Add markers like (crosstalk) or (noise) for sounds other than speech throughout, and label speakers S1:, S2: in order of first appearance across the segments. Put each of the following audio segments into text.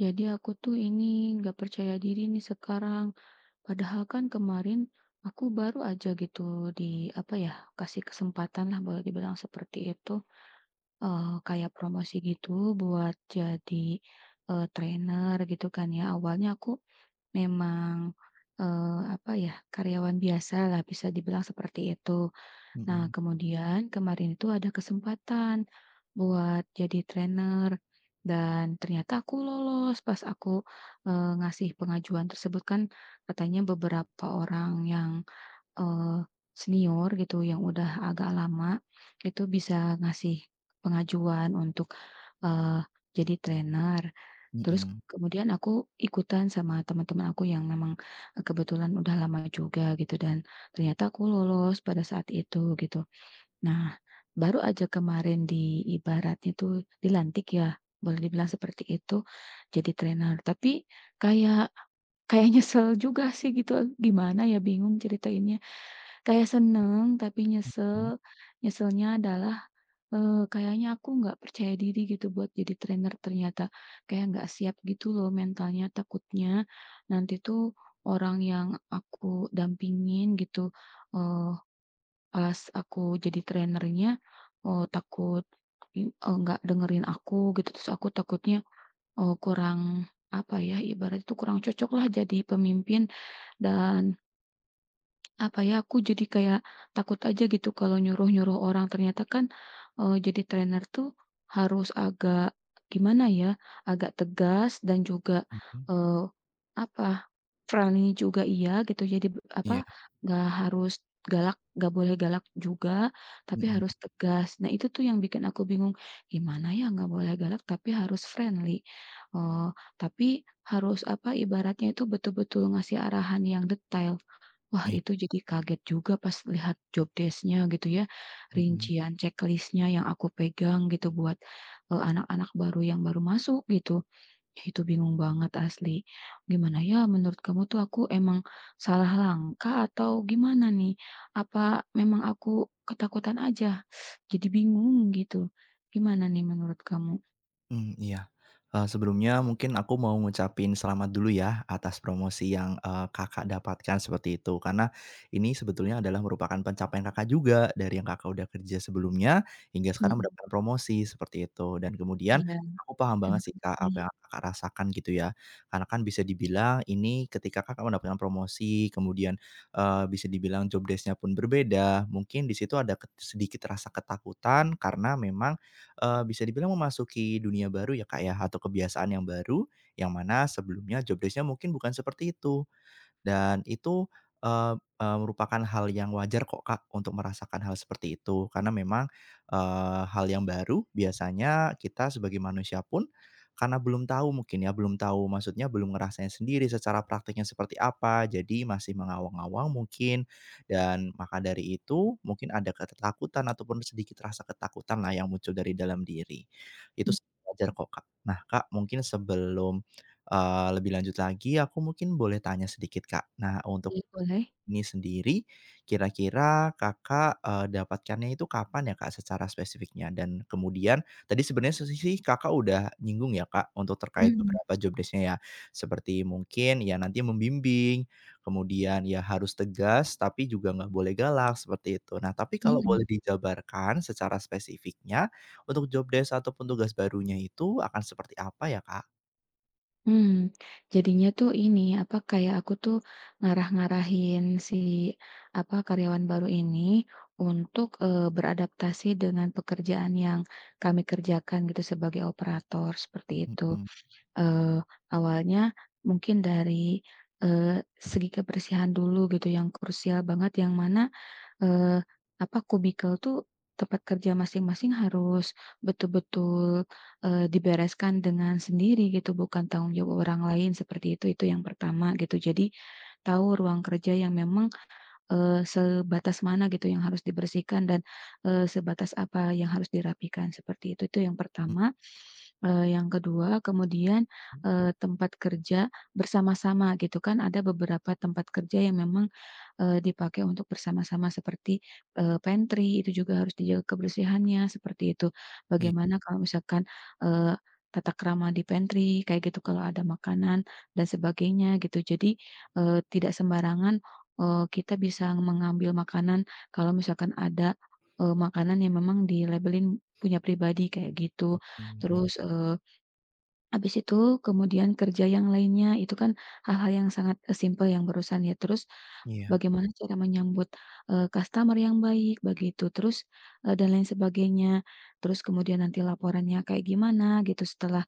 S1: Jadi aku tuh ini gak percaya diri nih sekarang. Padahal kan kemarin aku baru aja gitu di, apa ya, kasih kesempatan lah boleh dibilang seperti itu, eee, kayak promosi gitu buat jadi, eee, trainer gitu kan ya. Awalnya aku memang, eee, apa ya, karyawan biasalah bisa dibilang seperti itu. Nah,
S2: Mhm.
S1: kemudian kemarin itu ada kesempatan buat jadi trainer dan ternyata aku lolos pas aku, eee, ngasih pengajuan tersebut kan katanya beberapa orang yang, eee, senior gitu yang udah agak lama itu bisa ngasih pengajuan untuk, eee, jadi trainer. Terus
S2: Mhm.
S1: kemudian aku ikutan sama teman-teman aku yang memang kebetulan udah lama juga gitu dan ternyata aku lolos pada saat itu, gitu. Nah, baru aja kemarin di ibaratnya tuh dilantik ya, boleh dibilang seperti itu jadi trainer. Tapi kayak kayak nyesel juga sih gitu. Gimana ya bingung ceritainnya. Kayak seneng tapi
S2: Mhm.
S1: nyesel. Nyeselnya adalah, eee, kayaknya aku nggak percaya diri gitu buat jadi trainer ternyata. Kayak nggak siap gitu loh mentalnya. Takutnya nanti tuh orang yang aku dampingin gitu, eee, pas aku jadi trainernya, eee, takut, eee, nggak dengerin aku, gitu. Terus aku takutnya, eee, kurang, apa ya, ibaratnya tuh kurang cocoklah jadi pemimpin dan Apa ya, aku jadi kayak, takut aja gitu kalau nyuruh-nyuruh orang ternyata kan, eee, jadi trainer tuh harus agak gimana ya, agak tegas dan juga,
S2: Mhm.
S1: eee, apa, friendly juga iya gitu. Jadi b apa,
S2: Iya.
S1: enggak harus galak, enggak boleh galak juga, tapi
S2: Mhm.
S1: harus tegas. Nah itu tuh yang bikin aku bingung, gimana ya enggak boleh galak, tapi harus friendly, eee, tapi harus, apa, ibaratnya itu betul-betul ngasih arahan yang detail. Wah,
S2: Baik.
S1: itu jadi kaget juga pas lihat job desc-nya gitu ya.
S2: Mhm.
S1: Rincian ceklisnya yang aku pegang gitu buat, eee, anak-anak baru yang baru masuk gitu. Itu bingung banget asli. Gimana ya menurut kamu tuh? Aku emang salah langkah atau gimana nih? Apa memang aku ketakutan aja? (sucks teeth) Jadi bingung gitu. Gimana nih menurut kamu?
S2: Mmm, iya, eee, sebelumnya mungkin aku mau ngucapin selamat dulu ya atas promosi yang, eee, Kakak dapatkan seperti itu karena, ini sebetulnya adalah merupakan pencapaian Kakak juga. Dari yang Kakak udah kerja sebelumnya hingga sekarang
S1: Mhm.
S2: mendapat promosi seperti itu dan kemudian
S1: Iya.
S2: aku paham banget
S1: Terima
S2: sih, Kak, apa
S1: kasih.
S2: yang Kakak rasakan gitu ya, karena kan bisa dibilang ini ketika Kakak mendapatkan promosi, kemudian, eee, bisa dibilang job desc-nya pun berbeda, mungkin di situ ada ket sedikit rasa ketakutan karena memang, eee, bisa dibilang memasuki dunia baru ya, Kak, ya atau kebiasaan yang baru, yang mana sebelumnya job desc-nya mungkin bukan seperti itu dan itu, eee eee, merupakan hal yang wajar kok, Kak, untuk merasakan hal seperti itu karena memang, eee, hal yang baru biasanya kita sebagai manusia pun, karena belum tahu mungkin ya, belum tahu maksudnya, belum ngerasain sendiri secara praktiknya seperti apa, jadi masih mengawang-awang mungkin dan maka dari itu mungkin ada ketakutan ataupun sedikit rasa ketakutanlah yang muncul dari dalam diri. Itu
S1: Mmm.
S2: sih wajar kok, Kak. Nah Kak mungkin sebelum, eee, lebih lanjut lagi, aku mungkin boleh tanya sedikit, Kak. Nah untuk,
S1: Iya, boleh.
S2: ini sendiri kira-kira Kakak, eee, dapatkannya itu kapan ya, Kak, secara spesifiknya? Dan kemudian tadi, sebenarnya solusi Kakak udah nyinggung ya, Kak, untuk terkait
S1: Mhm.
S2: beberapa job desc-nya ya, seperti mungkin ya nanti membimbing, kemudian iya harus tegas, tapi juga enggak boleh galak seperti itu. Nah, tapi kalau boleh
S1: Mhm.
S2: dijabarkan secara spesifiknya untuk job desc ataupun tugas barunya itu akan seperti apa ya, Kak?
S1: Mmm. Jadinya tuh ini, apa, kayak aku tuh ngarah-ngarahin si, apa, karyawan baru ini, untuk, eee, beradaptasi dengan pekerjaan yang kami kerjakan gitu, sebagai operator, seperti itu.
S2: Mhm.
S1: Eee, awalnya mungkin dari, eee, segi kebersihan dulu gitu, yang krusial banget, yang mana, eee, apa, cubicle tuh, tempat kerja masing-masing harus betul-betul, eee, dibereskan dengan sendiri gitu, bukan tanggung jawab orang lain seperti itu, itu yang pertama, gitu. Jadi, tahu ruang kerja yang memang, eee, sebatas mana gitu, yang harus dibersihkan, dan eee, sebatas, apa yang harus dirapikan, seperti itu, itu yang
S2: Mmm.
S1: pertama. Eee, yang kedua, kemudian, eee, tempat kerja bersama-sama gitu kan, ada beberapa tempat kerja yang memang, eee, dipakai untuk bersama-sama seperti, eee, pantry, itu juga harus dijaga kebersihannya seperti itu,
S2: Iya.
S1: bagaimana kalau misalkan, eee, tata krama di pantry kayak gitu, kalau ada makanan dan sebagainya, gitu. Jadi, eee, tidak sembarangan, eee, kita bisa mengambil makanan kalau misalkan ada, eee, makanan yang memang dilabelin punya pribadi, kayak gitu.
S2: Mhm, iya.
S1: Terus, eee, habis itu kemudian kerja yang lainnya, itu kan hal-hal yang sangat simple, yang barusan ya. Terus,
S2: Iya.
S1: bagaimana cara menyambut, eee, customer yang baik begitu, terus, e dan lain sebagainya. Terus, kemudian nanti laporannya kayak gimana, gitu, setelah,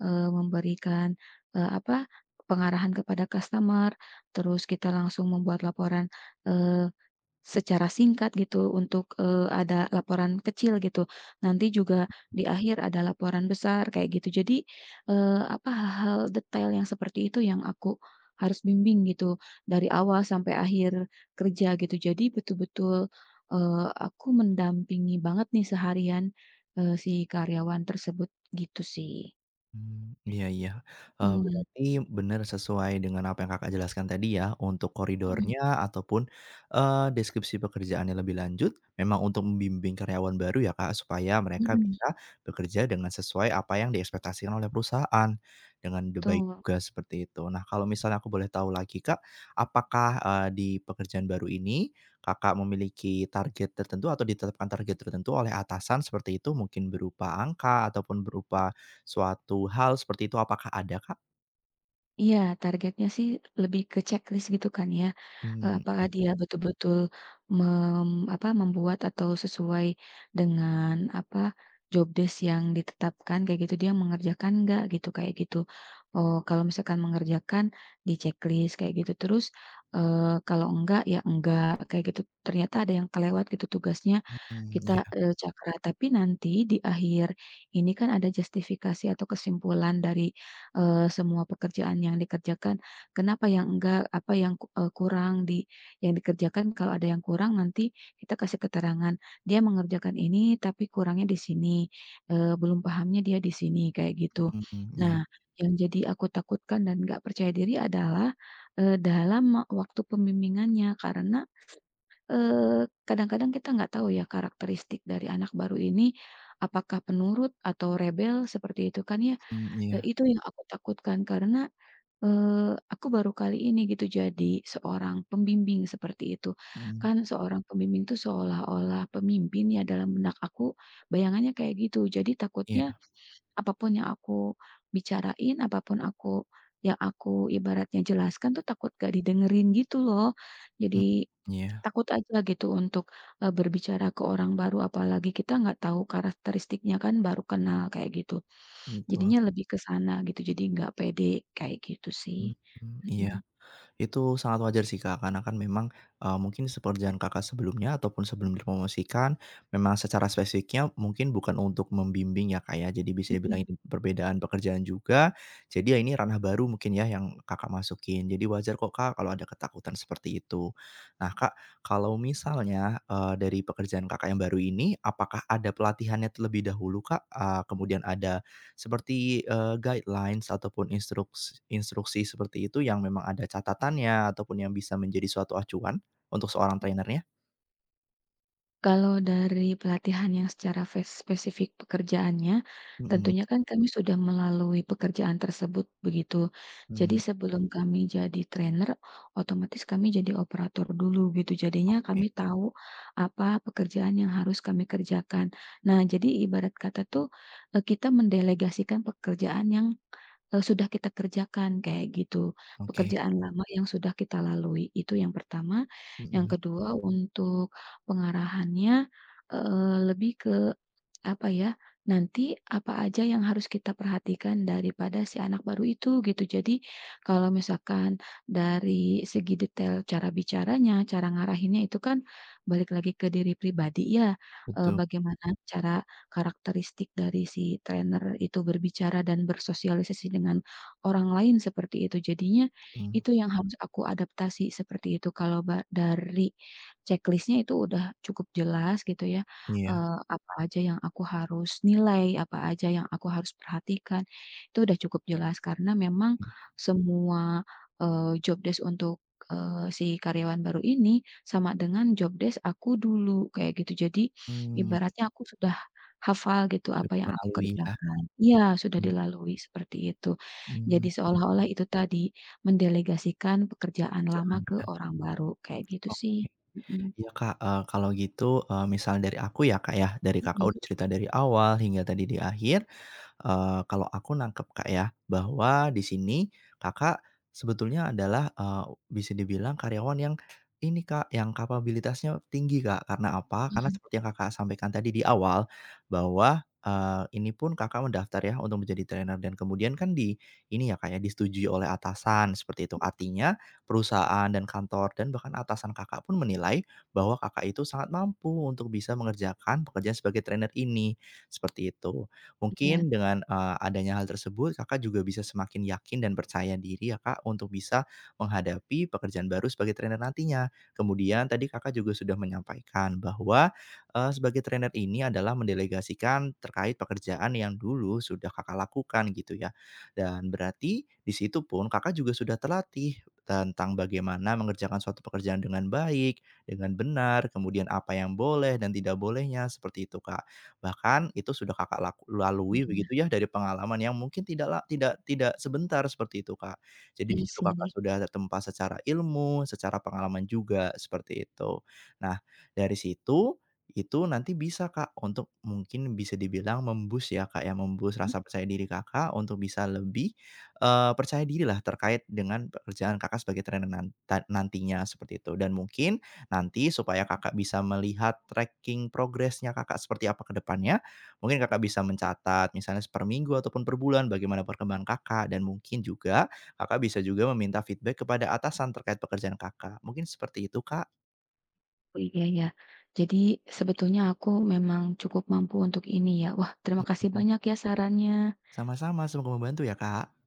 S1: eee, memberikan, e apa, pengarahan kepada customer. Terus, kita langsung membuat laporan, eee, secara singkat gitu, untuk, eee, ada laporan kecil gitu, nanti juga di akhir ada laporan besar, kayak gitu. Jadi, eee, apa, hal-hal detail yang seperti itu yang aku harus bimbing gitu, dari awal sampai akhir kerja, gitu. Jadi, betul-betul, eee, aku mendampingi banget nih seharian, e si karyawan tersebut, gitu sih.
S2: Mmm, iya iya. Eee,
S1: Mmm.
S2: berarti benar sesuai dengan apa yang Kakak jelaskan tadi ya. Untuk
S1: Mhm.
S2: koridornya ataupun, eee, deskripsi pekerjaannya lebih lanjut memang untuk membimbing karyawan baru ya, Kak. Supaya mereka
S1: Mmm.
S2: bisa bekerja dengan sesuai apa yang diekspektasikan oleh perusahaan, dengan d baik
S1: Betul.
S2: juga, seperti itu. Nah, kalau misalnya aku boleh tahu lagi, Kak. Apakah, eee, di pekerjaan baru ini, Kakak memiliki target tertentu atau ditetapkan target tertentu oleh atasan, seperti itu. Mungkin berupa angka ataupun berupa suatu hal, seperti itu. Apakah ada, Kak?
S1: Iya, targetnya sih lebih ke checklist gitu kan ya. Eee,
S2: Mmm,
S1: apakah
S2: ya.
S1: dia betul-betul, mem apa, membuat atau sesuai dengan apa, job desk yang ditetapkan, kayak gitu. Dia mengerjakan nggak, gitu, kayak gitu. Oh, kalau misalkan mengerjakan, di-checklist, kayak gitu. Terus, eee, kalau enggak ya enggak, kayak gitu. Ternyata ada yang kelewat gitu tugasnya,
S2: Mhm,
S1: kita,
S2: iya.
S1: eee, cakra, tapi nanti di akhir ini kan ada justifikasi atau kesimpulan dari, eee, semua pekerjaan yang dikerjakan. Kenapa yang enggak, apa yang kuk e kurang di yang dikerjakan, kalau ada yang kurang nanti kita kasih keterangan. Dia mengerjakan ini tapi kurangnya di sini, eee, belum pahamnya dia di sini, kayak gitu.
S2: Mhm, iya.
S1: Nah, yang jadi aku takutkan dan nggak percaya diri adalah, eee, dalam ek waktu pembimbingannya, karena, eee, kadang-kadang kita nggak tahu ya karakteristik dari anak baru ini, apakah penurut atau rebel, seperti itu kan ya.
S2: Mmm.
S1: Eee,
S2: iya.
S1: itu yang aku takutkan, karena, eee, aku baru kali ini gitu jadi seorang pembimbing, seperti itu.
S2: Mhm.
S1: Kan seorang pembimbing tuh seolah-olah pemimpin ya dalam benak aku, bayangannya kayak gitu. Jadi takutnya,
S2: Iya.
S1: apa pun yang aku bicarain, apa pun aku, yang aku ibaratnya jelaskan tuh takut nggak didengerin gitu loh.
S2: Hmm.
S1: Jadi,
S2: iya.
S1: takut aja gitu untuk, e berbicara ke orang baru, apalagi kita gak tahu karakteristiknya, kan baru kenal, kayak gitu.
S2: Betul.
S1: Jadinya lebih ke sana, gitu. Jadi enggak pede, kayak gitu sih.
S2: Mhm,
S1: Mhm.
S2: iya. Itu sangat wajar sih, Kak. Karena kan memang, eee, mungkin se pekerjaan Kakak sebelumnya ataupun sebelum dipromosikan, memang secara spesifiknya mungkin bukan untuk membimbing ya, Kak, ya. Jadi bisa dibilang
S1: Mhm.
S2: ini perbedaan pekerjaan juga. Jadi ya ini ranah baru mungkin ya, yang Kakak masukin. Jadi wajar kok, Kak, kalau ada ketakutan seperti itu. Nah, Kak, kalau misalnya, eee, dari pekerjaan Kakak yang baru ini, apakah ada pelatihannya terlebih dahulu, Kak? A kemudian ada seperti, eee, guidelines ataupun instruks instruksi seperti itu yang memang ada catatannya ataupun yang bisa menjadi suatu acuan untuk seorang
S1: (unintelligible)
S2: trainer-nya?
S1: Kalau dari pelatihan yang secara fes spesifik pekerjaannya,
S2: Mhm
S1: tentunya kan kami sudah melalui pekerjaan tersebut begitu. Jadi,
S2: Hmm.
S1: sebelum kami jadi trainer otomatis kami jadi operator dulu gitu, jadinya
S2: Oke.
S1: kami tahu apa pekerjaan yang harus kami kerjakan. Nah, jadi ibarat kata tuh e kita mendelegasikan pekerjaan yang e sudah kita kerjakan, kayak gitu.
S2: Oke.
S1: Pekerjaan lama yang sudah kita lalui itu yang pertama, yang
S2: Mhm.
S1: kedua untuk pengarahannya, eee, lebih ke apa ya, nanti apa aja yang harus kita perhatikan daripada si anak baru itu, gitu. Jadi kalau misalkan dari segi detail cara bicaranya, cara ngarahinnya, itu kan balik lagi ke diri pribadi ya, e
S2: Betul.
S1: bagaimana cara karakteristik dari si trainer itu berbicara dan bersosialisasi dengan orang lain seperti itu. Jadinya
S2: Hmm.
S1: itu yang harus aku adaptasi seperti itu. Kalau ba dari checklist-nya itu udah cukup jelas gitu ya,
S2: Iya.
S1: eee, apa aja yang aku harus nilai, apa aja yang aku harus perhatikan, itu udah cukup jelas karena memang
S2: Hmm.
S1: semua, eee, job desc untuk, eee, si karyawan baru ini sama dengan job desc aku dulu kayak gitu. Jadi,
S2: Mmm.
S1: ibaratnya aku sudah hafal gitu
S2: Sudah
S1: apa yang aku
S2: melaluinya.
S1: kerjakan iya, sudah
S2: Hmm.
S1: dilalui seperti itu.
S2: Mmm.
S1: Jadi seolah-olah itu tadi mendelegasikan pekerjaan lama
S2: Jangan
S1: ke
S2: ya.
S1: orang baru kayak gitu sih.
S2: Oke.
S1: Mhm.
S2: Iya Kak, e kalau gitu e misal dari aku ya Kak ya, dari Kakak
S1: Mhm.
S2: udah cerita dari awal hingga tadi di akhir, eee, kalau aku nangkep Kak ya bahwa di sini Kakak sebetulnya adalah e bisa dibilang karyawan yang ini Kak, yang kapabilitasnya tinggi Kak. Karena apa? Karena
S1: Mhm.
S2: seperti yang Kakak sampaikan tadi di awal, bahwa, eee, ini pun Kakak mendaftar ya untuk menjadi trainer dan kemudian kan di ini ya Kak ya, disetujui oleh atasan seperti itu.
S1: Mhm.
S2: Artinya, perusahaan dan kantor dan bahkan atasan Kakak pun menilai bahwa Kakak itu sangat mampu untuk bisa mengerjakan pekerjaan sebagai trainer ini, seperti itu.
S1: Iya.
S2: Mungkin dengan, eee, adanya hal tersebut Kakak juga bisa semakin yakin dan percaya diri ya Kak, untuk bisa menghadapi pekerjaan baru sebagai trainer nantinya. Kemudian tadi Kakak juga sudah menyampaikan bahwa, eee, sebagai trainer ini adalah mendelegasikan terkait pekerjaan yang dulu sudah Kakak lakukan gitu ya. Dan berarti di situ pun Kakak juga sudah terlatih tentang bagaimana mengerjakan suatu pekerjaan dengan baik, dengan benar, kemudian apa yang boleh dan tidak bolehnya seperti itu Kak. Bahkan itu sudah Kakak lak lalui
S1: Iya.
S2: begitu ya dari pengalaman yang mungkin tidak la tidak tidak sebentar seperti itu Kak. Jadi di
S1: Iya
S2: situ Kakak
S1: sih.
S2: sudah tertempa secara ilmu, secara pengalaman juga seperti itu. Nah, dari situ itu nanti bisa Kak untuk mungkin bisa dibilang mem-boost ya Kak ya, mem-boost
S1: Mmm.
S2: rasa percaya diri Kakak untuk bisa lebih, eee, percaya diri lah terkait dengan pekerjaan Kakak sebagai trainer nan ta nantinya seperti itu. Dan mungkin nanti supaya Kakak bisa melihat tracking progresnya Kakak seperti apa ke depannya, mungkin Kakak bisa mencatat misalnya se perminggu ataupun perbulan bagaimana perkembangan Kakak dan mungkin juga Kakak bisa juga meminta feedback kepada atasan terkait pekerjaan Kakak. Mungkin seperti itu Kak.
S1: Oh iya, ya. Jadi sebetulnya aku memang cukup mampu untuk ini ya. Wah terima kasih
S2: Mhm.
S1: banyak ya sarannya.
S2: Sama-sama, semoga membantu ya Kak.